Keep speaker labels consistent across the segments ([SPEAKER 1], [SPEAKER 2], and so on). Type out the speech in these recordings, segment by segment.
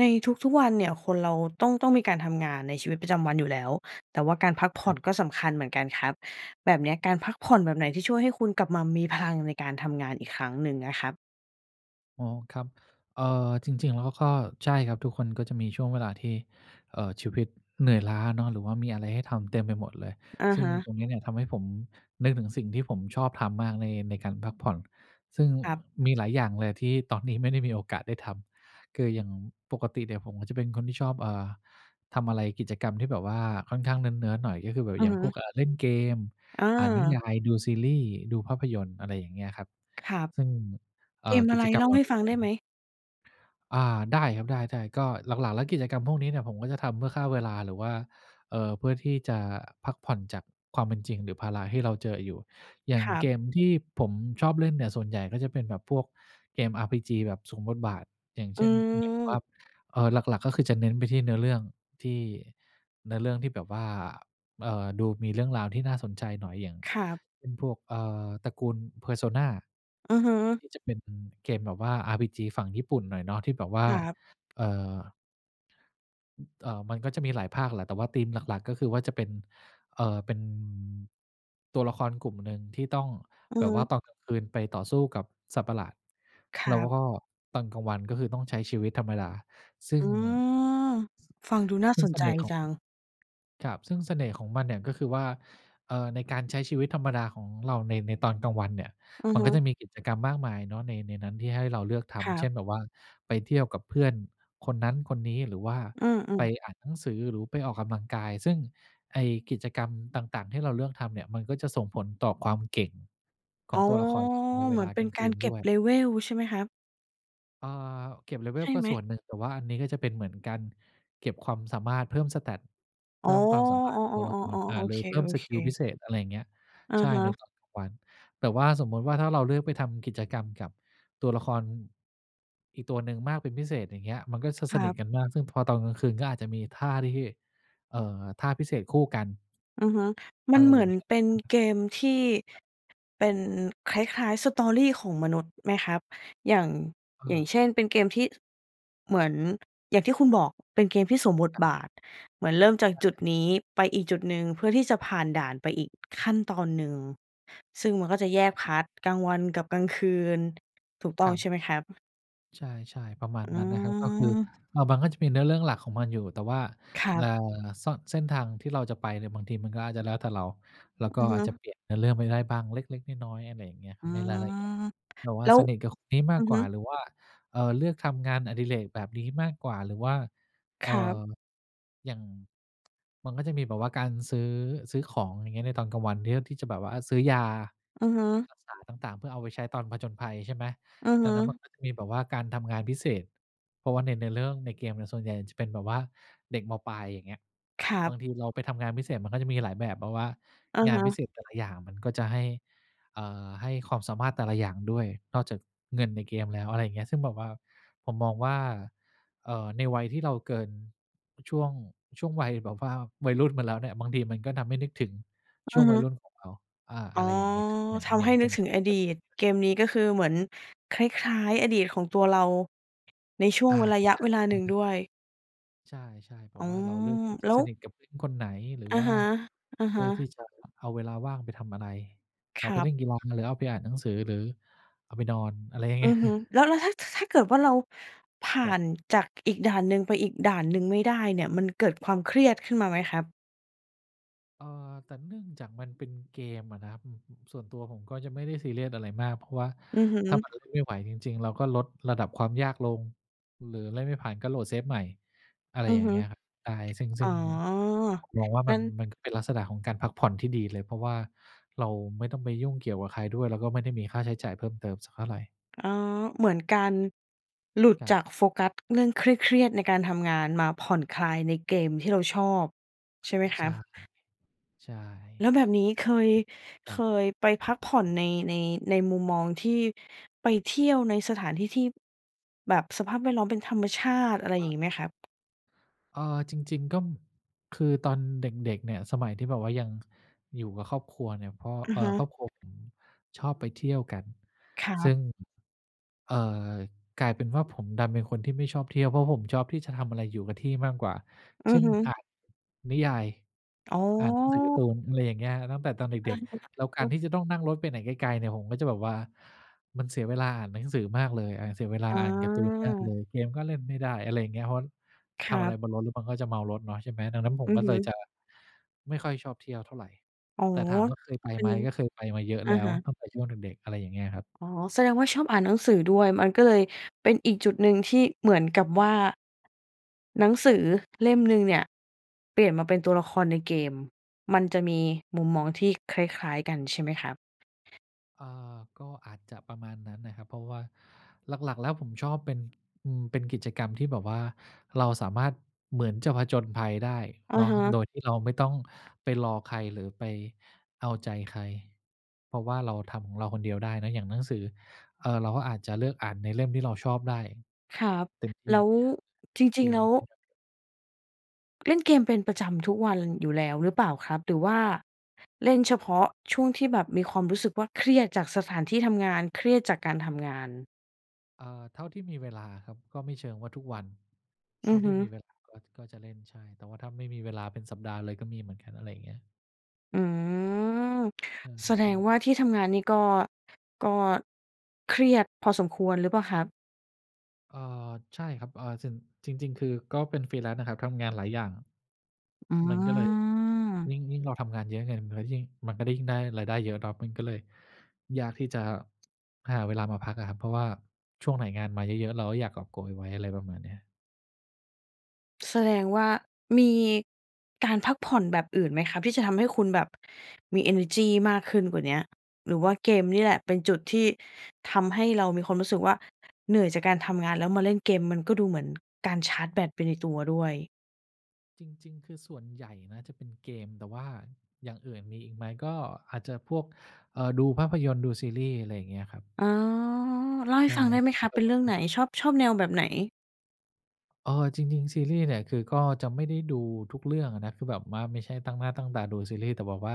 [SPEAKER 1] ในทุก ๆ วันเนี่ย คนเราต้อง ต้องมีการทำงานในชีวิตประจำวันอยู่แล้ว แต่ว่าการพักผ
[SPEAKER 2] ค
[SPEAKER 1] ่อ
[SPEAKER 2] รับ
[SPEAKER 1] นก็สำคัญเหมือนกันครับ แบบเนี้ยการพักผ่อนแบบไหนที่ช่วยให้คุณกลับมามี พลังในการทำงานอีกครั้งหนึ่งนะครับ?
[SPEAKER 2] อ๋อ ครับ เอ่อ จริง ๆ แล้วก็ใช่ครับ ทุกคนก็จะมีช่วงเวลาที่ เออ ชีวิตเหนื่อยล้าเนาะ หรือว่ามีอะไรให้ทำเต็มไปหมดเลย
[SPEAKER 1] อะ
[SPEAKER 2] ซึ่
[SPEAKER 1] ฮ
[SPEAKER 2] ง
[SPEAKER 1] ะ
[SPEAKER 2] ตรงนี้เนี่ยทำให้ผมนึกถึงสิ่งที่ผมชอบทำมากใน ในการพักผ่อน ซึ่ง
[SPEAKER 1] ครับ
[SPEAKER 2] มีหลายอย่างเลยที่ตอนนี้ไม่ได้มีโอกาสได้ทำ คืออย่างปกติเนี่ยผมก็จะเป็นคนที่ชอบ อ่า ทำอะไร กิจกรรมที่แบบว่าค่อนข้างเนิร์ด ๆ หน่อย ก็คือแบบ
[SPEAKER 1] อื
[SPEAKER 2] อย
[SPEAKER 1] อ
[SPEAKER 2] ่า
[SPEAKER 1] ฮ
[SPEAKER 2] ง พว
[SPEAKER 1] ึ
[SPEAKER 2] ก อ่า เล่นเกม
[SPEAKER 1] อ
[SPEAKER 2] อ่านนิย
[SPEAKER 1] า
[SPEAKER 2] าย ดูซีรีส์ ดูภาพยนตร์ อะไรอย่างเงี้ยครับ
[SPEAKER 1] ครับ
[SPEAKER 2] ซึ่ง เอ
[SPEAKER 1] เ
[SPEAKER 2] ่
[SPEAKER 1] ก
[SPEAKER 2] อ
[SPEAKER 1] ม
[SPEAKER 2] ก
[SPEAKER 1] อ
[SPEAKER 2] ิ
[SPEAKER 1] ะไร?
[SPEAKER 2] จกรร
[SPEAKER 1] เ
[SPEAKER 2] ม
[SPEAKER 1] ล่
[SPEAKER 2] เ
[SPEAKER 1] า
[SPEAKER 2] หล่
[SPEAKER 1] ใ
[SPEAKER 2] า
[SPEAKER 1] ห้
[SPEAKER 2] นี
[SPEAKER 1] ฟ
[SPEAKER 2] ้
[SPEAKER 1] ัง
[SPEAKER 2] เน
[SPEAKER 1] ไ
[SPEAKER 2] ี่
[SPEAKER 1] ด
[SPEAKER 2] ย
[SPEAKER 1] ้ไหม?
[SPEAKER 2] อา ได้ครับ ได้ ๆ ก็หลัก ๆ แล้วกิจกรรมพวกนี้เนี่ยผมก็จะทำเพื่อฆ่าเวลา หรือว่า เอ่อ เพื่อที่จะพักผ่อนจากความเป็นจริง หรือภาระที่เราเจออยู่ อย่า
[SPEAKER 1] ค
[SPEAKER 2] ง
[SPEAKER 1] รั
[SPEAKER 2] เ
[SPEAKER 1] บ
[SPEAKER 2] กมที่ผมชอบเล่นเนี่ย ส่วนใหญ่ก็จะเป็นแบบพวกเกม RPG แบบสวมบทบาท อย่างเ
[SPEAKER 1] อ
[SPEAKER 2] ช
[SPEAKER 1] ื
[SPEAKER 2] ่น
[SPEAKER 1] ม
[SPEAKER 2] เออ หลัก ๆ ก็คือจะเน้นไปที่ เนื้อเรื่องที่เนื้อเรื่องที่แบบว่า เอ่อ ดูมีเรื่องราวที่น่าสนใจหน่อย อย่าง
[SPEAKER 1] ครับ
[SPEAKER 2] เป็นพวก เอ่อ ตระกูล Persona
[SPEAKER 1] อือฮึ
[SPEAKER 2] ที่จะเป็นเกมแบบว่า RPG ฝั่งญี่ปุ่นหน่อยเนาะ ที่แบบว่า
[SPEAKER 1] ครับ
[SPEAKER 2] เอ่อ อ เอ่อ มันก็จะมีหลายภาคแหละ แต่ว่าธีมหลัก ๆ ก็คือว่าจะเป็น เอ่อ เป็น ตัวละครกลุ่มหนึ่งที่ต้อง
[SPEAKER 1] อื
[SPEAKER 2] แบ
[SPEAKER 1] อฮ
[SPEAKER 2] บว่า
[SPEAKER 1] ึ
[SPEAKER 2] ตอนกลางคืนไปต่อสู้กับสัตว์ประหลาด
[SPEAKER 1] ค
[SPEAKER 2] แ
[SPEAKER 1] ร
[SPEAKER 2] ล้ว
[SPEAKER 1] ับ
[SPEAKER 2] ก็ตอนกลางวันก็คือต้องใช้ชีวิตธรรมดา ซึ่
[SPEAKER 1] อ
[SPEAKER 2] ง
[SPEAKER 1] ือ ฟังดูน่า
[SPEAKER 2] ซึ่
[SPEAKER 1] ส
[SPEAKER 2] ง
[SPEAKER 1] น
[SPEAKER 2] เส
[SPEAKER 1] ใจ
[SPEAKER 2] น่ห์ขอ
[SPEAKER 1] จ
[SPEAKER 2] ง
[SPEAKER 1] ัง
[SPEAKER 2] ครับ ซึ่งเสน่ห์ของมันเนี่ยก็คือว่า เอ่อ ในการใช้ชีวิตธรรมดาของเราใน ในตอนกลางวันเนี่ย
[SPEAKER 1] อะ
[SPEAKER 2] มัน
[SPEAKER 1] ฮ
[SPEAKER 2] ก็
[SPEAKER 1] ะ
[SPEAKER 2] จะมีกิจกรรมมากมายเนาะใน ในนั้นที่ให้เราเลือกท
[SPEAKER 1] ครั
[SPEAKER 2] ำ เช
[SPEAKER 1] บ
[SPEAKER 2] ่น แบบว่าไปเที่ยวกับเพื่อนคนนั้นคนนี้ หรือว่า
[SPEAKER 1] อื
[SPEAKER 2] ไป
[SPEAKER 1] ม ๆ
[SPEAKER 2] อ่านหนังสือ หรู ไปออกกำลังกาย ซึ่งไอ้กิจกรรมต่าง ๆ ที่เราเลือกทำเนี่ย มันก็จะส่งผลต่อความเก่งขอ
[SPEAKER 1] อ๋
[SPEAKER 2] ง
[SPEAKER 1] อ
[SPEAKER 2] ตัวละครเราในเว
[SPEAKER 1] เหมื
[SPEAKER 2] ล
[SPEAKER 1] อ
[SPEAKER 2] า
[SPEAKER 1] นเป
[SPEAKER 2] ก
[SPEAKER 1] ็
[SPEAKER 2] ล
[SPEAKER 1] น
[SPEAKER 2] างค
[SPEAKER 1] ก
[SPEAKER 2] ื
[SPEAKER 1] าร
[SPEAKER 2] น
[SPEAKER 1] เก
[SPEAKER 2] ด
[SPEAKER 1] ็
[SPEAKER 2] ้
[SPEAKER 1] บ
[SPEAKER 2] วย
[SPEAKER 1] level ใช่ไหมครับ?
[SPEAKER 2] อา เก็บเลเว
[SPEAKER 1] ใช
[SPEAKER 2] ล
[SPEAKER 1] ่
[SPEAKER 2] ก็
[SPEAKER 1] ไหม?
[SPEAKER 2] ส่วนหนึ่ง แต่ว่าอันนี้ก็จะเป็นเหมือนการเก็บความสามารถเพิ่ม Stat เ
[SPEAKER 1] อ
[SPEAKER 2] พ
[SPEAKER 1] ๋อ
[SPEAKER 2] ิ่มความสามารถของตัวละค
[SPEAKER 1] ๆ ๆ ๆ
[SPEAKER 2] ร อ่า
[SPEAKER 1] ๆ โอ
[SPEAKER 2] หร
[SPEAKER 1] เ
[SPEAKER 2] ื
[SPEAKER 1] ค
[SPEAKER 2] อเพิ่ม
[SPEAKER 1] โอ
[SPEAKER 2] ส
[SPEAKER 1] เ
[SPEAKER 2] กิลพิ
[SPEAKER 1] ค
[SPEAKER 2] เศษ อะไรอย่างเงี้ย
[SPEAKER 1] อะ
[SPEAKER 2] ใช่
[SPEAKER 1] ฮ
[SPEAKER 2] ใน
[SPEAKER 1] ะ
[SPEAKER 2] ตอนกลางวัน แต่ว่าสมมุติว่า ถ้าเราเลือกไปทำกิจกรรมกับตัวละคร อีกตัวหนึ่งมากเป็นพิเศษ อย่างเงี้ย มันก็จะ
[SPEAKER 1] ค
[SPEAKER 2] ส
[SPEAKER 1] รั
[SPEAKER 2] นิท
[SPEAKER 1] บ
[SPEAKER 2] กันมาก ซึ่งพอตอนกลางคืนก็อาจจะมีท่าที่ เอ่อ ท่าพิเศษคู่กัน
[SPEAKER 1] อือฮึ ม
[SPEAKER 2] อ
[SPEAKER 1] ั
[SPEAKER 2] ะ
[SPEAKER 1] น
[SPEAKER 2] ไร
[SPEAKER 1] เหม
[SPEAKER 2] อย่
[SPEAKER 1] ื
[SPEAKER 2] า
[SPEAKER 1] อ
[SPEAKER 2] ง
[SPEAKER 1] น
[SPEAKER 2] เงี้ย
[SPEAKER 1] เป็นเกมที่
[SPEAKER 2] ครับ
[SPEAKER 1] เป็นคล้าย ๆ Story ของมนุษย์ไหมครับ อย่าง อย่าง
[SPEAKER 2] เออ
[SPEAKER 1] เช่น เป็นเกมที่ เหมือนอย่างที่คุณบอก เป็นเกมที่สวมบท
[SPEAKER 2] ครับ
[SPEAKER 1] บาท เหมือนเริ่มจาก
[SPEAKER 2] ใ
[SPEAKER 1] จุด
[SPEAKER 2] ช่
[SPEAKER 1] นี้ ไปอีกจุดหนึ่ง เพื่อที่จะผ่านด่านไปอีกขั้นตอนหนึ่ง ซึ่งมันก็จะแยกพาร์ต กลางวันกับกลางคืน ถูกต
[SPEAKER 2] ค
[SPEAKER 1] ้อ
[SPEAKER 2] ร
[SPEAKER 1] ง
[SPEAKER 2] ับ
[SPEAKER 1] ใช่ไหมครับ?
[SPEAKER 2] ใช่ ๆ ประมาณ
[SPEAKER 1] อื
[SPEAKER 2] นั้นนะครับ ก็คือ
[SPEAKER 1] ม
[SPEAKER 2] อะ มันก็จะมีเนื้อเรื่องหลักของมันอยู่ แต่ว่า
[SPEAKER 1] ครั
[SPEAKER 2] เอ่
[SPEAKER 1] บ
[SPEAKER 2] อ ซ่อน เส้นทางที่เราจะไปเนี่ย บางทีมันก็อาจจะแล้วแต่เรา เราก
[SPEAKER 1] อ
[SPEAKER 2] ็
[SPEAKER 1] ือฮ
[SPEAKER 2] อาจจะ
[SPEAKER 1] ึ
[SPEAKER 2] เปลี่ยนเนื้อเรื่องไปได้บ้าง เล็ก ๆ น้อย ๆ อะไรอย่างเงี้ย
[SPEAKER 1] อื
[SPEAKER 2] ในรายละเอียด
[SPEAKER 1] ม
[SPEAKER 2] แบบว่
[SPEAKER 1] แ
[SPEAKER 2] า
[SPEAKER 1] ล้
[SPEAKER 2] ส
[SPEAKER 1] ว
[SPEAKER 2] นิทกับคนนี้ม
[SPEAKER 1] อ
[SPEAKER 2] า
[SPEAKER 1] ื
[SPEAKER 2] ก
[SPEAKER 1] อ
[SPEAKER 2] ก
[SPEAKER 1] ฮ
[SPEAKER 2] ว่า
[SPEAKER 1] ึ
[SPEAKER 2] หรือว่า เอ่อ เลือกทำงานอดิเรกแบบนี้มากกว่า หรือว่า
[SPEAKER 1] ค
[SPEAKER 2] เอ่
[SPEAKER 1] รับ
[SPEAKER 2] อ อย่าง มันก็จะมีแบบว่า การซื้อ ซื้อของอย่างเงี้ย ในตอนกลางเนี้ย ที่จะแบบว่าอะ ซื้อยา
[SPEAKER 1] อือฮึ
[SPEAKER 2] รักษาต่าง ๆ เพื่อเอาไปใช้ตอนผจญภัย ใช่ไหม
[SPEAKER 1] อือ
[SPEAKER 2] ด
[SPEAKER 1] ฮ
[SPEAKER 2] ังนั้นมั
[SPEAKER 1] ึ
[SPEAKER 2] นก็จะมีแบบว่า การทำงานพิเศษ เพราะว่าในเรื่องในเกมเนี่ย ส่วนใหญ่จะเป็นแบบว่า เด็ก ม.ปลาย อย่างเงี้ย
[SPEAKER 1] ครั
[SPEAKER 2] บ
[SPEAKER 1] บ
[SPEAKER 2] างทีเราไปทำงานพิเศษ มันก็จะมีหลายแบบ แบบว่า
[SPEAKER 1] อะ
[SPEAKER 2] งาน
[SPEAKER 1] ฮ
[SPEAKER 2] พิ
[SPEAKER 1] ะ
[SPEAKER 2] เศษแต่ละอย่างมันก็จะให้ เอ่อ ให้ความสามารถแต่ละอย่างด้วย นอกจากเงินในเกมแล้ว อะไรอย่างเงี้ย ซึ่งแบบว่า ผมมองว่า เออ ในวัยที่เราเกิน ช่วง ช่วงวัยแบบว่าวัยรุ่นมาแล้วเนี่ย บางทีมันก็ทำให้นึกถึง
[SPEAKER 1] อ
[SPEAKER 2] ช่ว
[SPEAKER 1] ะ
[SPEAKER 2] ง
[SPEAKER 1] ฮ
[SPEAKER 2] วัย
[SPEAKER 1] ะ
[SPEAKER 2] รุ่นของเรา อ่า
[SPEAKER 1] อ
[SPEAKER 2] อ
[SPEAKER 1] ๋
[SPEAKER 2] ะ
[SPEAKER 1] อ
[SPEAKER 2] ไรอย่างเงี้ย
[SPEAKER 1] ทำให้นึกถึงอดีต เกมนี้ก็คือเหมือนคล้าย ๆ อดีตของตัวเรา ในช่ว
[SPEAKER 2] อ
[SPEAKER 1] ง
[SPEAKER 2] า
[SPEAKER 1] ระยะ
[SPEAKER 2] ใช่
[SPEAKER 1] เวลาหนึ่ง
[SPEAKER 2] ๆ
[SPEAKER 1] ด
[SPEAKER 2] ๆ
[SPEAKER 1] ้วย
[SPEAKER 2] ใช่ ๆ แบ
[SPEAKER 1] อ๋
[SPEAKER 2] บ
[SPEAKER 1] อ
[SPEAKER 2] ว่าเราเลือกที่จะ
[SPEAKER 1] แล้
[SPEAKER 2] ส
[SPEAKER 1] ว
[SPEAKER 2] นิทกับเพื่อนคนไหน หรือ
[SPEAKER 1] อะ
[SPEAKER 2] ว่า
[SPEAKER 1] ฮะ อะ
[SPEAKER 2] เล
[SPEAKER 1] ฮ
[SPEAKER 2] ือกที
[SPEAKER 1] ะ
[SPEAKER 2] ่จะ เอาเวลาว่างไปทำอะไร เอ
[SPEAKER 1] ค
[SPEAKER 2] า
[SPEAKER 1] ร
[SPEAKER 2] ไป
[SPEAKER 1] ั
[SPEAKER 2] เ
[SPEAKER 1] บ
[SPEAKER 2] ล่นกีฬา หรือเอาไปอ่านหนังสือ หรือเอาไปนอน อะไรอย่างเง
[SPEAKER 1] อ
[SPEAKER 2] ี้
[SPEAKER 1] ื
[SPEAKER 2] ย
[SPEAKER 1] อฮึ แล้ว แล้วถ้า ถ ถ้าเกิดว่าเราผ
[SPEAKER 2] ค
[SPEAKER 1] ่
[SPEAKER 2] รั
[SPEAKER 1] า
[SPEAKER 2] บ
[SPEAKER 1] นจากอีกด่านหนึ่งไปอีกด่านหนึ่งไม่ได้เนี่ย มันเกิดความเครียดขึ้นมาไหมครับ?
[SPEAKER 2] เออ แต่เนื่องจากมันเป็นเกมอะนะครับ อ อ ส่วนตัวผมก็จะไม่ได้ซีเรียสอะไรมาก เพราะว่า
[SPEAKER 1] อือฮ
[SPEAKER 2] ถ้า
[SPEAKER 1] ึ
[SPEAKER 2] มันเล่นไม่ไหวจริง ๆ เราก็ลดระดับความยากลง หรือเล่นไม่ผ่านก็โหลดเซฟใหม่ อะไร
[SPEAKER 1] อื
[SPEAKER 2] อย
[SPEAKER 1] อ
[SPEAKER 2] ่า
[SPEAKER 1] ฮ
[SPEAKER 2] งเง
[SPEAKER 1] ึ
[SPEAKER 2] ี้ยครับ ใช่ ซึ่ง ง ซึ
[SPEAKER 1] อ
[SPEAKER 2] ่
[SPEAKER 1] ๋อ
[SPEAKER 2] งผมมองว่าม
[SPEAKER 1] ง
[SPEAKER 2] ั
[SPEAKER 1] ั
[SPEAKER 2] น
[SPEAKER 1] ้น
[SPEAKER 2] มันก็เป็นลักษณะของการพักผ่อนที่ดีเลย เพราะว่าเราไม่ต้องไปยุ่งเกี่ยวกับใครด้วย แล้วก็ไม่ได้มีค่าใช้จ่ายเพิ่มเติมสักเท่าไร
[SPEAKER 1] อ๋อ เหมือนการหลุด
[SPEAKER 2] ครั
[SPEAKER 1] จ
[SPEAKER 2] บ
[SPEAKER 1] ากโฟกัส เรื่องเครียด ๆ ในการทำงานมาผ่อนคลายในเกมที่เราชอบ ใช่ไหม
[SPEAKER 2] อ
[SPEAKER 1] ค
[SPEAKER 2] ใ
[SPEAKER 1] ร
[SPEAKER 2] ช
[SPEAKER 1] ั
[SPEAKER 2] ่
[SPEAKER 1] บ?
[SPEAKER 2] ใช่
[SPEAKER 1] แล้วแบบนี้เคย
[SPEAKER 2] ค
[SPEAKER 1] เค
[SPEAKER 2] รับ
[SPEAKER 1] ยไปพักผ่อนใน ใน ในมุมมองที่ ไปเที่ยวในสถานที่ที่แบบสภาพแวดล้อมเป็นธรรมชาติ อะไรอ
[SPEAKER 2] อ
[SPEAKER 1] ย่าง
[SPEAKER 2] า
[SPEAKER 1] งี้ไหมครับ?
[SPEAKER 2] เออ จริง ๆ ก็ คือตอนเด็ก ๆ เนี่ยสมัยที่แบบว่ายัง ก อยู่กับครอบครัวเนี่ย พอ
[SPEAKER 1] อ
[SPEAKER 2] เ
[SPEAKER 1] ือ
[SPEAKER 2] ออ
[SPEAKER 1] ฮึ
[SPEAKER 2] ครอบครัวผมชอบไปเที่ยวกัน
[SPEAKER 1] ครั
[SPEAKER 2] ซึ่
[SPEAKER 1] บ
[SPEAKER 2] ง เอ่อ กลายเป็นว่าผมดันเป็นคนที่ไม่ชอบเที่ยว เพราะผมชอบที่จะทำอะไรอยู่กับที่มากกว่า
[SPEAKER 1] อื
[SPEAKER 2] เช
[SPEAKER 1] อ
[SPEAKER 2] ่น
[SPEAKER 1] ฮ
[SPEAKER 2] อ่า
[SPEAKER 1] ึ
[SPEAKER 2] นนิยาย
[SPEAKER 1] อ๋
[SPEAKER 2] อ่านหนังสือการ์
[SPEAKER 1] อ
[SPEAKER 2] ตูน อะไรอย่างเงี้ย ตั้งแต่ตอนเด
[SPEAKER 1] อ
[SPEAKER 2] ็
[SPEAKER 1] ื
[SPEAKER 2] ก
[SPEAKER 1] อ
[SPEAKER 2] ๆ แล้วก
[SPEAKER 1] ฮ
[SPEAKER 2] า
[SPEAKER 1] ึ
[SPEAKER 2] ร
[SPEAKER 1] ๆ
[SPEAKER 2] ที่จะต้องนั่งรถไปไหนไกล ๆ เนี่ย ผมก็จะแบบว่า มันเสียเวลาอ่านหนังสือมากเลย อา เสียเวลา
[SPEAKER 1] อ
[SPEAKER 2] อ่านการ์ตูนมากเล
[SPEAKER 1] า
[SPEAKER 2] ย เกมก็เล่นไม่ได้ อะไรอย่างเงี้ย เพราะว่า
[SPEAKER 1] ค
[SPEAKER 2] ท
[SPEAKER 1] รั
[SPEAKER 2] ำอะไร
[SPEAKER 1] บ
[SPEAKER 2] บนรถแล้วมันก็จะเมารถเนาะ ใช่ไหม ดังนั้นผ
[SPEAKER 1] อ
[SPEAKER 2] ม
[SPEAKER 1] ื
[SPEAKER 2] ก
[SPEAKER 1] อ
[SPEAKER 2] ็
[SPEAKER 1] ฮ
[SPEAKER 2] เลย
[SPEAKER 1] ึ
[SPEAKER 2] จะไม่ค่อยชอบเที่ยวเท่าไร
[SPEAKER 1] อ๋อ
[SPEAKER 2] แต่ถามว่าเคยไป
[SPEAKER 1] เป็
[SPEAKER 2] ไหม
[SPEAKER 1] น
[SPEAKER 2] ก็เคยไปมาเยอะ
[SPEAKER 1] อ
[SPEAKER 2] แล
[SPEAKER 1] ะ
[SPEAKER 2] ้ว
[SPEAKER 1] ฮะ
[SPEAKER 2] ตั้งแต่ช่วงเด็ก ๆ อะไรอย่างเงี้ยครับ
[SPEAKER 1] อ๋อ แสดงว่าชอบอ่านหนังสือด้วย มันก็เลยเป็นอีกจุดหนึ่งที่เหมือนกับว่า หนังสือเล่มหนึ่งเนี่ย เปลี่ยนมาเป็นตัวละครในเกม มันจะมีมุมมองที่คล้าย ๆ กันใช่ไหมครับ?
[SPEAKER 2] อ่า ก็อาจจะประมาณนั้นนะครับ เพราะว่าหลัก ๆ แล้วผมชอบเป็น อืม เป็นกิจกรรมที่แบบว่าเราสามารถ เหมือนจะผจญภัยได้
[SPEAKER 1] อ
[SPEAKER 2] เ
[SPEAKER 1] ะ
[SPEAKER 2] นาะ
[SPEAKER 1] ฮะ
[SPEAKER 2] โดยที่เราไม่ต้องไปรอใคร หรือไปเอาใจใคร เพราะว่าเราทำของเราคนเดียวได้เนอะ อย่างหนังสือ เอ่อ เราก็อาจจะเลือกอ่านในเล่มที่เราชอบได้
[SPEAKER 1] ครับ
[SPEAKER 2] เต็มที่
[SPEAKER 1] แล้ว จ
[SPEAKER 2] เก
[SPEAKER 1] ริง ๆ แ
[SPEAKER 2] ม
[SPEAKER 1] ล้ว
[SPEAKER 2] ใช่ไหม
[SPEAKER 1] เล่น เกมเป็นประจำทุกวันอยู่แล้วหรือเปล่าครับ หรือว่า เล่นเฉพาะช่วงที่แบบมีความรู้สึกว่าเครียดจากสถานที่ทำงาน เครียดจากการทำงาน
[SPEAKER 2] อ่า เท่าที่มีเวลาครับ ก็ไม่เชิงว่าทุกวัน เ
[SPEAKER 1] อ
[SPEAKER 2] ท
[SPEAKER 1] ื
[SPEAKER 2] ่า
[SPEAKER 1] อ
[SPEAKER 2] ท
[SPEAKER 1] ฮ
[SPEAKER 2] ี่
[SPEAKER 1] ึ
[SPEAKER 2] มีเวลา ก็ ก็จะเล่น ใช่ แต่ว่าถ้าไม่มีเวลาเป็นสัปดาห์เลยก็มีเหมือนกัน อะไรอย่างเงี้ย
[SPEAKER 1] อืม
[SPEAKER 2] เออ
[SPEAKER 1] แส
[SPEAKER 2] ใ
[SPEAKER 1] ด
[SPEAKER 2] ช
[SPEAKER 1] ง
[SPEAKER 2] ่
[SPEAKER 1] ว่าที่ทำงานนี่ก็ ก็เครียดพอสมควรหรือเปล่าครับ?
[SPEAKER 2] เออ ใช่ครับ เอ่อ ส จริง ๆ คือ ก็เป็น Freelance นะครับ ทำงานหลายอย่าง
[SPEAKER 1] อื
[SPEAKER 2] มันก็เลย ย
[SPEAKER 1] ม
[SPEAKER 2] ิ่ง ยิ่งเราทำงานเยอะไง เงินมันก็เลยยิ่ง มันก็ได้ ยิ่งได้รายได้เยอะครับ มันก็เลยยากที่จะหาเวลามาพักอะครับ เพราะว่าช่วงไหนงานมาเยอะ ๆ เราก็อยากกอบโกยไว้ อะไรประมาณเนี้ย
[SPEAKER 1] แสดงว่ามี การพักผ่อนแบบอื่นไหมครับ? ที่จะทำให้คุณแบบ มีเอเนอร์จีมากขึ้นกว่าเนี้ย หรือว่าเกมนี่แหละเป็นจุดที่ทำให้เรามีความรู้สึกว่า เหนื่อยจากการทำงานแล้วมาเล่นเกม มันก็ดูเหมือน การชาร์จแบตไปในตัวด้วย
[SPEAKER 2] จริง ๆ คือส่วนใหญ่นะจะเป็นเกม แต่ว่าอย่างอื่นมีอีกไหม ก็อาจจะพวก เอ่อ ดูภาพยนตร์ ดูซีรีส์ อะไรเงี้ยครับ
[SPEAKER 1] อ๋อ เล่าใ
[SPEAKER 2] ใ
[SPEAKER 1] ห
[SPEAKER 2] ช
[SPEAKER 1] ้
[SPEAKER 2] ่
[SPEAKER 1] ฟังได้ไหมครับ
[SPEAKER 2] แต่
[SPEAKER 1] เป็น
[SPEAKER 2] ว
[SPEAKER 1] เรื
[SPEAKER 2] ่
[SPEAKER 1] ่องไห
[SPEAKER 2] า
[SPEAKER 1] น ชอบ ชอบแนวแบบไหน?
[SPEAKER 2] อา จริง ๆ ซีรี่ส์เนี่ย คือก็จะไม่ได้ดูทุกเรื่องอะนะ คือแบบว่าไม่ใช่ตั้งหน้าตั้งตาดูซีรี่ส์ แต่บอกว่า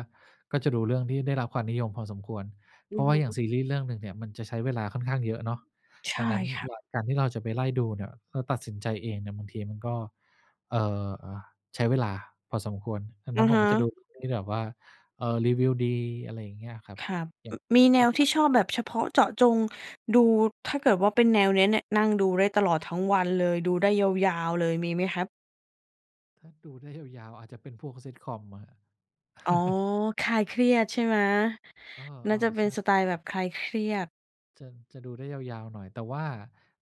[SPEAKER 2] ก็จะดูเรื่องที่ได้รับความนิยมพอสมควร เ
[SPEAKER 1] อ
[SPEAKER 2] พร
[SPEAKER 1] ื
[SPEAKER 2] า
[SPEAKER 1] อ
[SPEAKER 2] ะว่
[SPEAKER 1] ฮ
[SPEAKER 2] าอย่าง
[SPEAKER 1] ึ
[SPEAKER 2] ซีรีส์เรื่องหนึ่งเนี่ยมันจะใช้เวลาค่อนข้างเยอะเนาะ
[SPEAKER 1] ใช
[SPEAKER 2] ดั
[SPEAKER 1] ่
[SPEAKER 2] งนั้น
[SPEAKER 1] คร
[SPEAKER 2] อ
[SPEAKER 1] ั
[SPEAKER 2] ย
[SPEAKER 1] บ
[SPEAKER 2] ่างการที่เราจะไปไล่ดูเนี่ยเราตัดสินใจเองเนี่ย บางทีมันก็ เอ่อ อ่า ใช้เวลาพอสมควร ดังน
[SPEAKER 1] อ
[SPEAKER 2] ั้
[SPEAKER 1] ะ
[SPEAKER 2] นผ
[SPEAKER 1] ฮ
[SPEAKER 2] มก็จะดู
[SPEAKER 1] ะ
[SPEAKER 2] เรื่องที่แบบว่า เอ่อ รีวิวดี อะไรอย่างเงี้ยครับ
[SPEAKER 1] ครับ
[SPEAKER 2] อย่า
[SPEAKER 1] อ
[SPEAKER 2] ง
[SPEAKER 1] มีแน
[SPEAKER 2] ห
[SPEAKER 1] วท
[SPEAKER 2] ล
[SPEAKER 1] ี
[SPEAKER 2] ั
[SPEAKER 1] ่
[SPEAKER 2] ก
[SPEAKER 1] ช
[SPEAKER 2] ๆ ก
[SPEAKER 1] อ
[SPEAKER 2] ็
[SPEAKER 1] บ
[SPEAKER 2] โหล
[SPEAKER 1] แบ
[SPEAKER 2] ด
[SPEAKER 1] บเฉพาะเจาะจงดู ถ้าเกิดว่าเป็นแนวเนี้ยเนี่ย นั่งดูได้ตลอดทั้งวันเลย ดูได้ยาว ๆ เลย มีไหมครับ?
[SPEAKER 2] ถ้าดูได้ยาว ๆ อาจจะเป็นพวก Sitcom อะครับ
[SPEAKER 1] อ๋อ คลายเครียดใช่ไหม
[SPEAKER 2] เอ
[SPEAKER 1] น่าจ
[SPEAKER 2] อ
[SPEAKER 1] ะเ
[SPEAKER 2] ๆ
[SPEAKER 1] ป
[SPEAKER 2] ใ
[SPEAKER 1] ็
[SPEAKER 2] ช
[SPEAKER 1] น
[SPEAKER 2] ่
[SPEAKER 1] สไตล์แบบคลายเครียด
[SPEAKER 2] จะ จะดูได้ยาว ๆ หน่อย แต่ว่า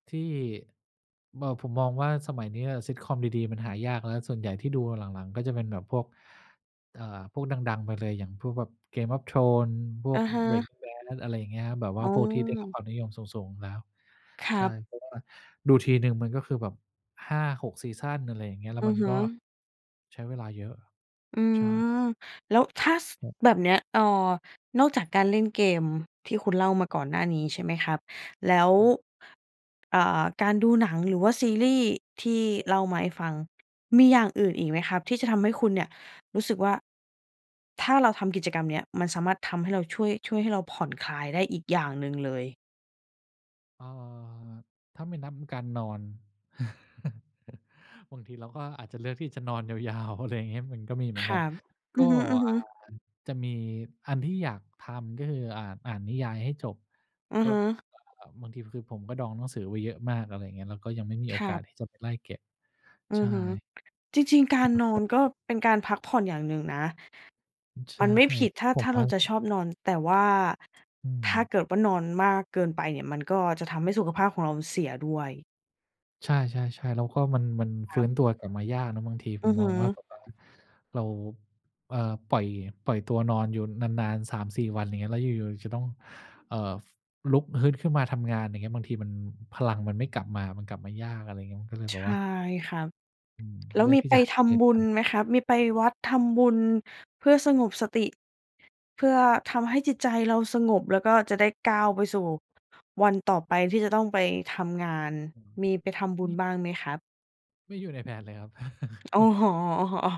[SPEAKER 2] ที่ เมอ ผมมองว่าสมัยเนี้ย Sitcom ดี ๆ มันหายากแล้ว ส่วนใหญ่ที่ดูหลัง ๆ ก็จะเป็นแบบพวก เอ่อ พวกดัง ๆ ไปเลย อย่างพวกแบบ Game of Thrones พว
[SPEAKER 1] อ
[SPEAKER 2] ก
[SPEAKER 1] ะฮะ
[SPEAKER 2] Breaking Bad อะไรอย่างเงี้ยครับ แบบว
[SPEAKER 1] อ
[SPEAKER 2] ่า
[SPEAKER 1] ๋อ
[SPEAKER 2] พวกที่ได้รับความนิยมสูง ๆ อยู่แล้ว
[SPEAKER 1] คร
[SPEAKER 2] ใช่
[SPEAKER 1] ับ
[SPEAKER 2] เพราะว่าดูทีหนึ่งมันก็คือแบบ 5-6 ซีซัน อะไรอย่างเงี้ย แล้
[SPEAKER 1] อ
[SPEAKER 2] ว
[SPEAKER 1] ื
[SPEAKER 2] มั
[SPEAKER 1] อ
[SPEAKER 2] น
[SPEAKER 1] ฮึ
[SPEAKER 2] ก็ ใช้เวลาเยอะ
[SPEAKER 1] อื
[SPEAKER 2] ใช่
[SPEAKER 1] ม แล้วถ้า ส
[SPEAKER 2] ครับ
[SPEAKER 1] แบบเนี้ย เอ่อ นอกจากการเล่นเกมที่คุณเล่ามาก่อนหน้านี้ ใช่ไหมครับ แล้ว
[SPEAKER 2] ครับ
[SPEAKER 1] อ่า การดูหนังหรือว่าซีรีส์ที่เล่ามาให้ฟัง มีอย่างอื่นอีกไหมครับ? ที่จะทำให้คุณเนี่ยรู้สึกว่า ถ้าเราทำกิจกรรมเนี้ย มันสามารถทำให้เรา ช่วย ช่วยให้เราผ่อนคลายได้อีกอย่างหนึ่งเลย
[SPEAKER 2] อ่า ถ้าไม่นับการนอน บางทีเราก็อาจจะเลือกที่จะนอนยาว ๆ อะไรอย่างเงี้ย มันก็มีเหมื
[SPEAKER 1] ค
[SPEAKER 2] อนก
[SPEAKER 1] ร
[SPEAKER 2] ั
[SPEAKER 1] ั
[SPEAKER 2] น
[SPEAKER 1] บ อ
[SPEAKER 2] ก
[SPEAKER 1] ื
[SPEAKER 2] ็
[SPEAKER 1] อฮ
[SPEAKER 2] อ่
[SPEAKER 1] ึ
[SPEAKER 2] า
[SPEAKER 1] ๆ
[SPEAKER 2] จะมีอันที่อยากทำ ก็คืออ่าน อ่านนิยายให้จบ
[SPEAKER 1] อือ
[SPEAKER 2] ก็
[SPEAKER 1] ฮึ
[SPEAKER 2] เอ่อ บางทีก็คือผมก็ดองหนังสือไว้เยอะมาก อะไรอย่างเงี้ย แล้วก็ยังไม่มีโอ
[SPEAKER 1] ครั
[SPEAKER 2] กาส
[SPEAKER 1] บ
[SPEAKER 2] ที่จะไปไล่เก็บ
[SPEAKER 1] อื
[SPEAKER 2] ใช
[SPEAKER 1] อ
[SPEAKER 2] ่
[SPEAKER 1] ฮึ จริง ๆ การนอนก็เป็นการพักผ่อนอย่างหนึ่งนะ
[SPEAKER 2] อ ใช
[SPEAKER 1] ม
[SPEAKER 2] ่
[SPEAKER 1] ันไม่ผิดถ้า
[SPEAKER 2] ผ
[SPEAKER 1] ถ
[SPEAKER 2] ม
[SPEAKER 1] ้า
[SPEAKER 2] ว
[SPEAKER 1] เร
[SPEAKER 2] ่า
[SPEAKER 1] าจะชอบนอน แต่ว่า
[SPEAKER 2] อื
[SPEAKER 1] ถ้า
[SPEAKER 2] ม
[SPEAKER 1] เกิดว่า นอนมากเกินไปเนี่ย มันก็จะทำให้ สุขภาพของเราเสียด้วย
[SPEAKER 2] ใช่ ๆ ๆ แล้วก็มัน มันฟ
[SPEAKER 1] ค
[SPEAKER 2] ื
[SPEAKER 1] ร
[SPEAKER 2] ้
[SPEAKER 1] ับ
[SPEAKER 2] นตัวกลับมายากเนาะ บางทีผ
[SPEAKER 1] อื
[SPEAKER 2] ม
[SPEAKER 1] อฮ
[SPEAKER 2] ม
[SPEAKER 1] ึ
[SPEAKER 2] องว่า แบบว่าเรา เอ่อ ปล่อย ปล่อยตัวนอนอยู่นาน ๆ 3-4 วัน อย่างเงี้ย แล้วอยู่ ๆ จะต้อง เอ่อ ลุกฮึดขึ้นมาทำงาน อย่างเงี้ย บางทีมัน พลังมันไม่กลับมา มันกลับมายาก อะไรเงี้ย ก็เลยแ
[SPEAKER 1] ใช
[SPEAKER 2] บบว
[SPEAKER 1] ่
[SPEAKER 2] ่า
[SPEAKER 1] ครับ
[SPEAKER 2] อืม
[SPEAKER 1] แล้
[SPEAKER 2] เล
[SPEAKER 1] ว
[SPEAKER 2] ือ
[SPEAKER 1] ม
[SPEAKER 2] ก
[SPEAKER 1] ี
[SPEAKER 2] ที่
[SPEAKER 1] ไป
[SPEAKER 2] จะหาอ
[SPEAKER 1] ท
[SPEAKER 2] ย่างอื่
[SPEAKER 1] ำ
[SPEAKER 2] น
[SPEAKER 1] บุ
[SPEAKER 2] ท
[SPEAKER 1] ญ
[SPEAKER 2] ำ
[SPEAKER 1] ไหมครับ? มีไปวัด ทำบุญ เพื่อสงบสติ เพื่อทำให้จิตใจเราสงบ แล้วก็จะได้ก้าวไปสู่วันต่อไปที่จะต้องไปทำงาน
[SPEAKER 2] อืม
[SPEAKER 1] มีไปทำบุ
[SPEAKER 2] ม
[SPEAKER 1] ญ
[SPEAKER 2] ีบ
[SPEAKER 1] บ้างไหมครับ?
[SPEAKER 2] ไม่อยู่ในแผนเลยครับ
[SPEAKER 1] โอ้โฮ โอ้โฮ โอ้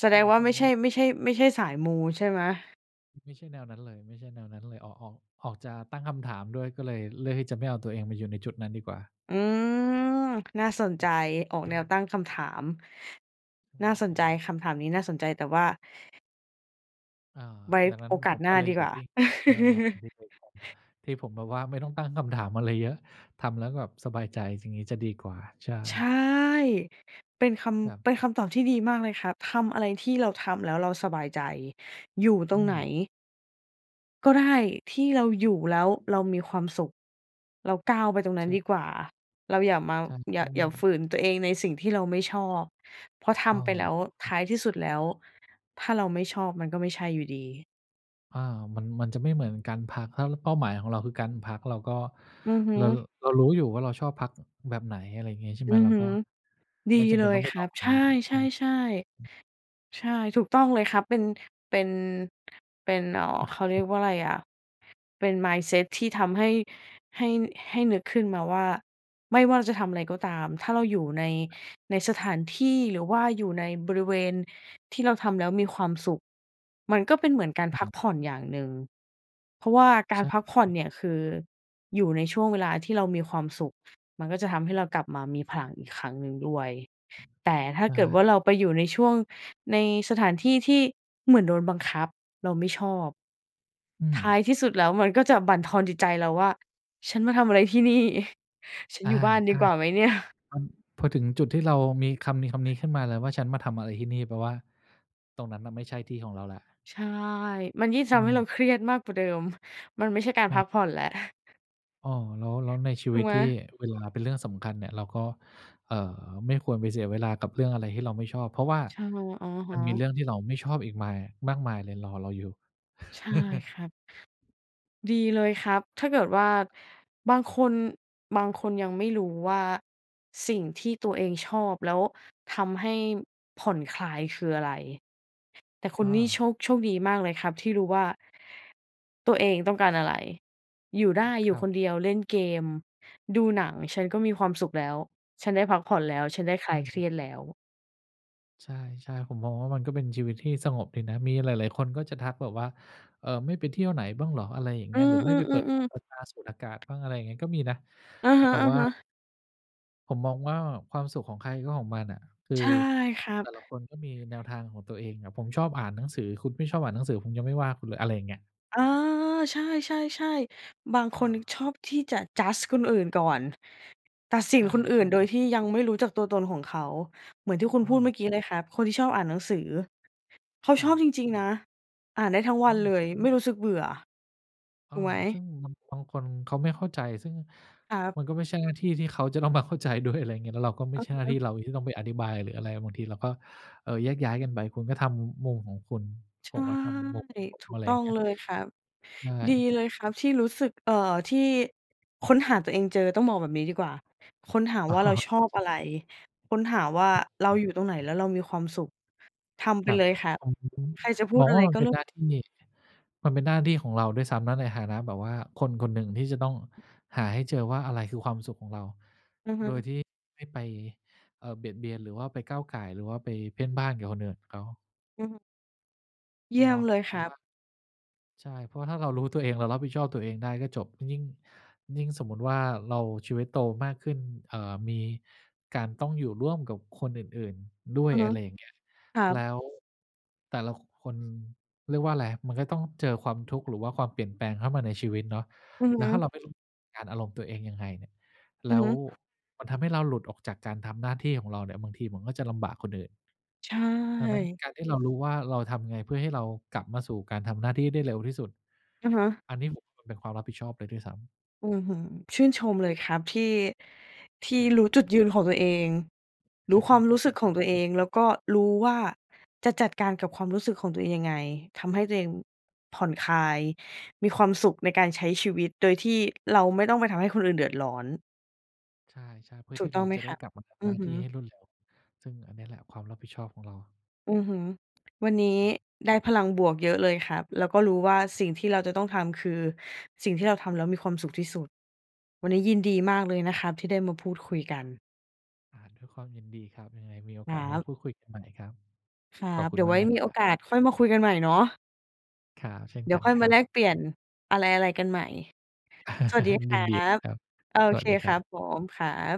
[SPEAKER 1] แส
[SPEAKER 2] ใช
[SPEAKER 1] ด
[SPEAKER 2] ่
[SPEAKER 1] งว่า ไม่
[SPEAKER 2] ๆ ม
[SPEAKER 1] ใ
[SPEAKER 2] ั
[SPEAKER 1] ช่
[SPEAKER 2] น
[SPEAKER 1] ไม่ใช่ ไม่ใช่สายมู ใช่ไหม?
[SPEAKER 2] ไม่ใช่แนวนั้นเลย ไม่ใช่แนวนั้นเลย ออก ออก ออกจะตั้งคำถามด้วย ก็เลยเลือกที่จะไม่เอาตัวเองมาอยู่ในจุดนั้นดีกว่า
[SPEAKER 1] อืม น่าสน
[SPEAKER 2] ค
[SPEAKER 1] ใจ
[SPEAKER 2] รับ
[SPEAKER 1] ออกแนว ตั้งคำถาม
[SPEAKER 2] อื
[SPEAKER 1] น่า
[SPEAKER 2] ม
[SPEAKER 1] ส
[SPEAKER 2] ใช
[SPEAKER 1] นใ
[SPEAKER 2] ่
[SPEAKER 1] จ คำถามนี้น่าสนใจ แต่ว่า
[SPEAKER 2] อา
[SPEAKER 1] ไว้
[SPEAKER 2] ดังนั้
[SPEAKER 1] โ
[SPEAKER 2] น
[SPEAKER 1] อกา
[SPEAKER 2] ผ
[SPEAKER 1] ส
[SPEAKER 2] ม
[SPEAKER 1] หน
[SPEAKER 2] ก
[SPEAKER 1] ้
[SPEAKER 2] ็
[SPEAKER 1] า
[SPEAKER 2] เลย
[SPEAKER 1] ดี
[SPEAKER 2] หย
[SPEAKER 1] ก
[SPEAKER 2] ุ
[SPEAKER 1] ว
[SPEAKER 2] ด
[SPEAKER 1] ่า
[SPEAKER 2] นิ่ง เจองานอดิเรก ที่ผมแบบว่าไม่ต้องตั้งคำถามอะไรเยอะ ทำแล้วแบบสบายใจ สิ่งนี้จะดีกว่า ใช
[SPEAKER 1] ใช่
[SPEAKER 2] ่
[SPEAKER 1] เป็นค
[SPEAKER 2] ครั
[SPEAKER 1] ำ
[SPEAKER 2] บ
[SPEAKER 1] เป็นคำตอบที่ดีมากเลยครับ ทำอะไรที่เราทำแล้วเราสบายใจ อยู่ต
[SPEAKER 2] อ
[SPEAKER 1] ร
[SPEAKER 2] ื
[SPEAKER 1] งไหน
[SPEAKER 2] ม
[SPEAKER 1] ก็ได้ ที่เราอยู่แล้วเรามีความสุข เราก้าวไปตรงนั
[SPEAKER 2] ใ
[SPEAKER 1] ้
[SPEAKER 2] ช
[SPEAKER 1] น
[SPEAKER 2] ่
[SPEAKER 1] ดีกว่า เราอย่ามา
[SPEAKER 2] ใช่
[SPEAKER 1] อย่
[SPEAKER 2] อื
[SPEAKER 1] า อย่าฝ
[SPEAKER 2] ม
[SPEAKER 1] ืนตัวเองในสิ่งที่เราไม่ ชอบ เพราะท
[SPEAKER 2] เออ
[SPEAKER 1] ำไปแล้ว
[SPEAKER 2] คร
[SPEAKER 1] ท
[SPEAKER 2] ับ
[SPEAKER 1] ้ายที่สุด แล้ว ถ้าเราไม่ชอบมัน ก็ไม่ใช่อยู่ ดี
[SPEAKER 2] อา มัน มันจะไม่เหมือนการพัก ถ้าเป้าหมายของเราคือการพัก เราก็
[SPEAKER 1] อือฮึ
[SPEAKER 2] เรา เรารู้อยู่ว่าเราชอบพัก อ แบบไหน อะไรอย่างเงี้ยใช่ไ
[SPEAKER 1] อ
[SPEAKER 2] หม
[SPEAKER 1] ือ
[SPEAKER 2] เรา
[SPEAKER 1] ฮึ
[SPEAKER 2] ก็
[SPEAKER 1] ดี
[SPEAKER 2] ไม่จำเ
[SPEAKER 1] เ
[SPEAKER 2] ป
[SPEAKER 1] ล
[SPEAKER 2] ็นต
[SPEAKER 1] ย
[SPEAKER 2] ้องไป
[SPEAKER 1] คร
[SPEAKER 2] ล
[SPEAKER 1] ั
[SPEAKER 2] อ
[SPEAKER 1] บ
[SPEAKER 2] ง ใช
[SPEAKER 1] ใช่
[SPEAKER 2] ่ไหม
[SPEAKER 1] ๆ ๆ ใช่ ถูกต้องเลยครับ เป็น เป็น เป็น เอ่อ เขาเรียกว่าอะไรอะ เป็น mindset ที่ทำให้ ให้ น ให้นึกขึ้นมาว่า ไม่ว่าจะทำอะไรก็ตาม ถ้าเราอยู่ใน ใน สถานที่หรือว่าอยู่ในบริเวณที่เราทำแล้วมีความสุข มันก็เป็นเหมือนการ
[SPEAKER 2] อ
[SPEAKER 1] พัก
[SPEAKER 2] ืม
[SPEAKER 1] ผ่อนอย่างหนึ่ง เพราะว่าก
[SPEAKER 2] ใช
[SPEAKER 1] ารพักผ่อน
[SPEAKER 2] ่
[SPEAKER 1] เนี่ยคือ อยู่ในช่วงเวลาที่เรามีความสุข มันก็จะทำให้เรากลับมามีพลังอีกครั้งหนึ่งด้วย แต่ถ้
[SPEAKER 2] ใ
[SPEAKER 1] า
[SPEAKER 2] ช
[SPEAKER 1] เกิดว
[SPEAKER 2] ่
[SPEAKER 1] ่า เราไปอยู่ในช่วง ในสถานที่ที่เหมือนโดนบังคับ เราไม่ชอบ
[SPEAKER 2] อื
[SPEAKER 1] ท้า
[SPEAKER 2] ม
[SPEAKER 1] ยที่สุดแล้วมันก็จะบั่นทอนจิตใจเราว่า "ฉันมาทำอะไรที่นี่ ฉัน
[SPEAKER 2] อา
[SPEAKER 1] อยู่บ้าน
[SPEAKER 2] ใ
[SPEAKER 1] ด
[SPEAKER 2] ช
[SPEAKER 1] ี
[SPEAKER 2] ่
[SPEAKER 1] กว่าไหมเนี่ย"
[SPEAKER 2] อ พอถึงจุดที่เรามีคำนี้ คำนี้ขึ้นมาเลยว่า "ฉันมาทำอะไรที่นี่" แปลว่าตรงนั้นมันไม่ใช่ที่ของเราแล้ว
[SPEAKER 1] ใช่ มันยิ่ง
[SPEAKER 2] อ
[SPEAKER 1] ท
[SPEAKER 2] ื
[SPEAKER 1] ำให้เรา
[SPEAKER 2] ม
[SPEAKER 1] เครียดมากกว่าเดิม มันไม่ใช่การ
[SPEAKER 2] อ
[SPEAKER 1] พัก
[SPEAKER 2] า
[SPEAKER 1] ผ่อนแล้ว
[SPEAKER 2] อ้อ แล้ว แล้วในชี
[SPEAKER 1] ถู
[SPEAKER 2] วิ
[SPEAKER 1] ก
[SPEAKER 2] ต
[SPEAKER 1] ไหม?
[SPEAKER 2] ที่เวลาเป็นเรื่องสำคัญเนี่ย เราก็ อ่า ไม่ควรไปเสียเวลากับเรื่องอะไรที่เราไม่ชอบ เพราะว่า
[SPEAKER 1] ใช่ อะ
[SPEAKER 2] ม
[SPEAKER 1] ฮ
[SPEAKER 2] ันมี
[SPEAKER 1] ะ
[SPEAKER 2] เรื่องที่เราไม่ชอบอีกมาย มากมายเลยรอเราอยู่
[SPEAKER 1] ใช่ครับ ดีเลยครับ ถ้าเกิดว่า บางคน บางคนยังไม่รู้ว่าสิ่งที่ตัวเองชอบแล้วทำให้ผ่อนคลายคืออะไร แต่คุณ
[SPEAKER 2] อ
[SPEAKER 1] นี่ โช
[SPEAKER 2] า
[SPEAKER 1] ค โชคดีมากเลยครับที่รู้ว่า ตัวเองต้องการอะไร อยู่ได้
[SPEAKER 2] ค
[SPEAKER 1] อยู
[SPEAKER 2] ร
[SPEAKER 1] ่
[SPEAKER 2] ั
[SPEAKER 1] ค
[SPEAKER 2] บ
[SPEAKER 1] นเดียว เล่นเกม ดูหนัง ฉันก็มีความสุขแล้ว ฉันได้พักผ่อนแล้ว ฉันได้ค
[SPEAKER 2] อ
[SPEAKER 1] ลายเค
[SPEAKER 2] ื
[SPEAKER 1] ร
[SPEAKER 2] ม
[SPEAKER 1] ียดแล้ว
[SPEAKER 2] ใช่ ๆ ผมมองว่ามันก็เป็นชีวิตที่สงบดีนะ มีหลาย ๆ คนก็จะทักแบบว่า "เออ ไม่ไปเที่ยวไหนบ้างเหรอ?" อะไรอย่างเง
[SPEAKER 1] อ
[SPEAKER 2] ี
[SPEAKER 1] ื
[SPEAKER 2] ้ย หร
[SPEAKER 1] อ
[SPEAKER 2] ือ "ไม
[SPEAKER 1] ๆ อ
[SPEAKER 2] ่
[SPEAKER 1] ื
[SPEAKER 2] ไปเปิดหู
[SPEAKER 1] อ ๆ
[SPEAKER 2] เปิดตา สูดอากาศบ้าง" อะไรอย่างเงี้ย ก็มีนะ
[SPEAKER 1] อะ
[SPEAKER 2] อา
[SPEAKER 1] ฮ
[SPEAKER 2] แต่ว่า
[SPEAKER 1] ะ ๆ
[SPEAKER 2] ผมมองว่า ความสุขของใครก็ของมันน่ะ คือ
[SPEAKER 1] ใช่ครั
[SPEAKER 2] แต่ละ
[SPEAKER 1] บ
[SPEAKER 2] คนก็มีแนวทางของตัวเองอะ ผมชอบอ่านหนังสือ คุณไม่ชอบอ่านหนังสือ ผมยังไม่ว่าคุณเลย อะไรอย่างเงี้ย
[SPEAKER 1] เออ ใช่ ๆ ๆ บาง
[SPEAKER 2] อ
[SPEAKER 1] คน
[SPEAKER 2] า
[SPEAKER 1] ชอบที่จะ judge คนอื่นก่อน ตัดสิ
[SPEAKER 2] ใ
[SPEAKER 1] น
[SPEAKER 2] ช่
[SPEAKER 1] คนอื่นโดย
[SPEAKER 2] ๆ
[SPEAKER 1] ที่ยังไม่รู้จักตัวตนของเขา เหมือนที่คุณ
[SPEAKER 2] อ
[SPEAKER 1] พูดเม
[SPEAKER 2] า
[SPEAKER 1] ื่อกี้เลยครับ คนที่ชอบอ่านหนังสือ เขา
[SPEAKER 2] ค
[SPEAKER 1] ช
[SPEAKER 2] รั
[SPEAKER 1] อ
[SPEAKER 2] บ
[SPEAKER 1] บจริง ๆ นะ อ่านได้ทั้งว
[SPEAKER 2] อ
[SPEAKER 1] ันเ
[SPEAKER 2] ืม
[SPEAKER 1] ลย ไม่รู้สึกเบื่อ
[SPEAKER 2] เอ
[SPEAKER 1] ถ
[SPEAKER 2] อ
[SPEAKER 1] ูกไหม?
[SPEAKER 2] ซึ่ง บาง บางคนเขาไม่เข้าใจ ซึ่ง
[SPEAKER 1] ครับ
[SPEAKER 2] มันก็ไม่ใช่หน้าที่ที่เขาจะต้องมาเข้าใจ ด้วย อะไรเงี้ย แล้วเราก็ไม่
[SPEAKER 1] เ
[SPEAKER 2] ใช่หน้า
[SPEAKER 1] อ
[SPEAKER 2] ที่
[SPEAKER 1] อ ๆ
[SPEAKER 2] เราที่ต้องไปอธิบาย หรืออะไร บางทีเราก็ เออ แยกย้ายกันไป คุณก็ทำมุมของคุณ
[SPEAKER 1] ใช
[SPEAKER 2] ผ
[SPEAKER 1] ่
[SPEAKER 2] มทำมุมของผม
[SPEAKER 1] ถู
[SPEAKER 2] อะ
[SPEAKER 1] ก
[SPEAKER 2] ไร
[SPEAKER 1] ต
[SPEAKER 2] อย
[SPEAKER 1] ้
[SPEAKER 2] ่
[SPEAKER 1] อ
[SPEAKER 2] าง
[SPEAKER 1] ง
[SPEAKER 2] เงี้ย
[SPEAKER 1] เลยครับ
[SPEAKER 2] ใช
[SPEAKER 1] ดี
[SPEAKER 2] ่
[SPEAKER 1] เลยครับที่รู้สึก เอ่อ ที่ค้นหาตัวเองเจอ ต้องบอกแบบนี้ดีกว่า ค้นหา
[SPEAKER 2] อ๋อ
[SPEAKER 1] ว่าเรา
[SPEAKER 2] เ
[SPEAKER 1] ช
[SPEAKER 2] อ
[SPEAKER 1] อ
[SPEAKER 2] อ
[SPEAKER 1] บ
[SPEAKER 2] ช
[SPEAKER 1] อะไร ค้นหาว่าเราอยู่ตรงไหนแล้วเรามีความสุข ทำ
[SPEAKER 2] ค
[SPEAKER 1] ไป
[SPEAKER 2] รั
[SPEAKER 1] เ
[SPEAKER 2] บ
[SPEAKER 1] ลยค่ะ
[SPEAKER 2] ผม ผม
[SPEAKER 1] ใครจะพู
[SPEAKER 2] ม
[SPEAKER 1] ด
[SPEAKER 2] อง
[SPEAKER 1] อ
[SPEAKER 2] ว
[SPEAKER 1] ะ
[SPEAKER 2] ่
[SPEAKER 1] ไร
[SPEAKER 2] ามั
[SPEAKER 1] ก
[SPEAKER 2] น
[SPEAKER 1] ็
[SPEAKER 2] เป็
[SPEAKER 1] เร
[SPEAKER 2] น
[SPEAKER 1] ื่
[SPEAKER 2] ห
[SPEAKER 1] อง
[SPEAKER 2] น้าที่ มันเป็นหน้าที่ของเราด้วยซ้ำนะ ในฐานะแบบว่าคนคนหนึ่งที่จะต้องหาให้เจอว่า อะไรคือความสุขของเรา
[SPEAKER 1] อือฮึ
[SPEAKER 2] โดยที่ไม่ไป เออ เบียดเบียน หรือว่าไปก้าวก่าย หรือว่าไปเพ่นพ่านกับคนอื่นเขา
[SPEAKER 1] อือฮึ เยี่
[SPEAKER 2] เ
[SPEAKER 1] ย
[SPEAKER 2] น
[SPEAKER 1] ม
[SPEAKER 2] าะ
[SPEAKER 1] เลย
[SPEAKER 2] เพร
[SPEAKER 1] ค
[SPEAKER 2] าะ
[SPEAKER 1] รั
[SPEAKER 2] ว
[SPEAKER 1] บ
[SPEAKER 2] ่า ใช่ เพราะว่าถ้าเรารู้ตัวเอง เรารับผิดชอบตัวเองได้ก็จบ ยิ่ง ยิ่ง ยิ่งสมมุติว่า เราชีวิตโตมากขึ้น เอ่อ มีการต้องอยู่ร่วมกับคนอื่น ๆ ด้ว
[SPEAKER 1] อ
[SPEAKER 2] ย
[SPEAKER 1] ือฮ
[SPEAKER 2] อ
[SPEAKER 1] ึ
[SPEAKER 2] ะไรอย่างเงี้ย
[SPEAKER 1] ครั
[SPEAKER 2] แล้
[SPEAKER 1] บ
[SPEAKER 2] วแต่ละ ค คน เรียกว่าอะไร มันก็ต้องเจอความทุกข์ หรือว่าความเปลี่ยนแปลงเข้ามาในชีวิตเนาะ
[SPEAKER 1] อือ
[SPEAKER 2] แล้
[SPEAKER 1] ฮ
[SPEAKER 2] วถ้าเรา
[SPEAKER 1] ึ
[SPEAKER 2] ไม่รู้ การอารมณ์ตัวเองยังไงเนี่ย แ
[SPEAKER 1] อ
[SPEAKER 2] ล
[SPEAKER 1] ื
[SPEAKER 2] ้
[SPEAKER 1] อฮ
[SPEAKER 2] ว
[SPEAKER 1] ึ
[SPEAKER 2] มันทำให้เราหลุดออกจากการทำหน้าที่ของเราเนี่ย บางทีมันก็จะลำบากคนอื่น
[SPEAKER 1] ใช
[SPEAKER 2] ดังนั้น
[SPEAKER 1] ่
[SPEAKER 2] การที่เรารู้ว่า เราทำยังไง เพื่อให้เรากลับมาสู่การทำหน้าที่ได้เร็วที่สุด
[SPEAKER 1] อะฮะ
[SPEAKER 2] อันนี้ผม มันเป็นความรับผิดชอบเลยด้วยซ้ำ
[SPEAKER 1] อื้อฮือ ชื่นชมเลยครับที่ ที
[SPEAKER 2] ค
[SPEAKER 1] ่
[SPEAKER 2] รับ
[SPEAKER 1] รู้จุดยืนของตัวเอง รู้ความ
[SPEAKER 2] ข
[SPEAKER 1] ร
[SPEAKER 2] อ
[SPEAKER 1] ู
[SPEAKER 2] บ
[SPEAKER 1] ้
[SPEAKER 2] ค
[SPEAKER 1] ส
[SPEAKER 2] ุ
[SPEAKER 1] ึก
[SPEAKER 2] ณ
[SPEAKER 1] ข
[SPEAKER 2] ค
[SPEAKER 1] อ
[SPEAKER 2] รั
[SPEAKER 1] ง
[SPEAKER 2] บ
[SPEAKER 1] ตัวเอง แล้วก็รู้ว่าจะจัดการกับความรู้สึกของตัวเองยังไง ทำให้ตัวเองผ่อนคลาย มีความสุขในการใช้ชีวิตโดยที่เราไม่ต้องไปทำให้คนอื่นเดือดร้อน
[SPEAKER 2] ใช่ ๆ เพื่อ
[SPEAKER 1] ถ
[SPEAKER 2] ท
[SPEAKER 1] ู
[SPEAKER 2] ี
[SPEAKER 1] ก
[SPEAKER 2] ่
[SPEAKER 1] ต
[SPEAKER 2] เ
[SPEAKER 1] ้
[SPEAKER 2] รา
[SPEAKER 1] องไหม
[SPEAKER 2] จะไ
[SPEAKER 1] ค
[SPEAKER 2] ด้
[SPEAKER 1] รับ
[SPEAKER 2] กลับมาทำ
[SPEAKER 1] อื
[SPEAKER 2] หน้
[SPEAKER 1] อ
[SPEAKER 2] า
[SPEAKER 1] ฮ
[SPEAKER 2] ที่ให
[SPEAKER 1] ึ
[SPEAKER 2] ้รวดเร็ว ซึ่งอันนี้แหละความรับผิดชอบของเรา
[SPEAKER 1] อือฮึ วันนี้
[SPEAKER 2] ครับ
[SPEAKER 1] ได้พลังบวกเยอะเลยครับ แล้วก็รู้ว่าสิ่งที่เราจะต้องทำคือสิ่งที่เราทำแล้วมีความสุขที่สุด วันนี้ยินด
[SPEAKER 2] ใช
[SPEAKER 1] ีม
[SPEAKER 2] ่
[SPEAKER 1] ากเลยนะครับที่ได้มาพูดคุยกัน
[SPEAKER 2] อา ด้วยความยินดีครับ ยังไงมีโอ
[SPEAKER 1] ค
[SPEAKER 2] ก
[SPEAKER 1] ร
[SPEAKER 2] าส
[SPEAKER 1] ั
[SPEAKER 2] มา
[SPEAKER 1] บ
[SPEAKER 2] พูดคุยกันใหม่ครับ
[SPEAKER 1] ครั
[SPEAKER 2] ขอบ
[SPEAKER 1] บ
[SPEAKER 2] คุ
[SPEAKER 1] เดี
[SPEAKER 2] ณ
[SPEAKER 1] ๋ยว
[SPEAKER 2] ม
[SPEAKER 1] ไ
[SPEAKER 2] า
[SPEAKER 1] ว
[SPEAKER 2] ก
[SPEAKER 1] ้
[SPEAKER 2] นะ
[SPEAKER 1] ม
[SPEAKER 2] ค
[SPEAKER 1] ี
[SPEAKER 2] รั
[SPEAKER 1] โอ
[SPEAKER 2] บ
[SPEAKER 1] กาสค่อยมาคุยกันใหม่เนาะ
[SPEAKER 2] ครับ เช่น
[SPEAKER 1] เดี๋
[SPEAKER 2] ก
[SPEAKER 1] ย
[SPEAKER 2] ั
[SPEAKER 1] ว
[SPEAKER 2] น
[SPEAKER 1] ค่อย
[SPEAKER 2] ค
[SPEAKER 1] ม
[SPEAKER 2] ร
[SPEAKER 1] า
[SPEAKER 2] ั
[SPEAKER 1] แลก
[SPEAKER 2] บ
[SPEAKER 1] เปลี่ยนอะไร ๆ กันใหม่ สวัสดีค
[SPEAKER 2] ย
[SPEAKER 1] รั
[SPEAKER 2] ินดีเล
[SPEAKER 1] บ
[SPEAKER 2] ยครับ
[SPEAKER 1] โอ
[SPEAKER 2] สว
[SPEAKER 1] เค
[SPEAKER 2] ัสดี
[SPEAKER 1] ค
[SPEAKER 2] คร
[SPEAKER 1] รั
[SPEAKER 2] ั
[SPEAKER 1] บ
[SPEAKER 2] บ
[SPEAKER 1] ผม ครับ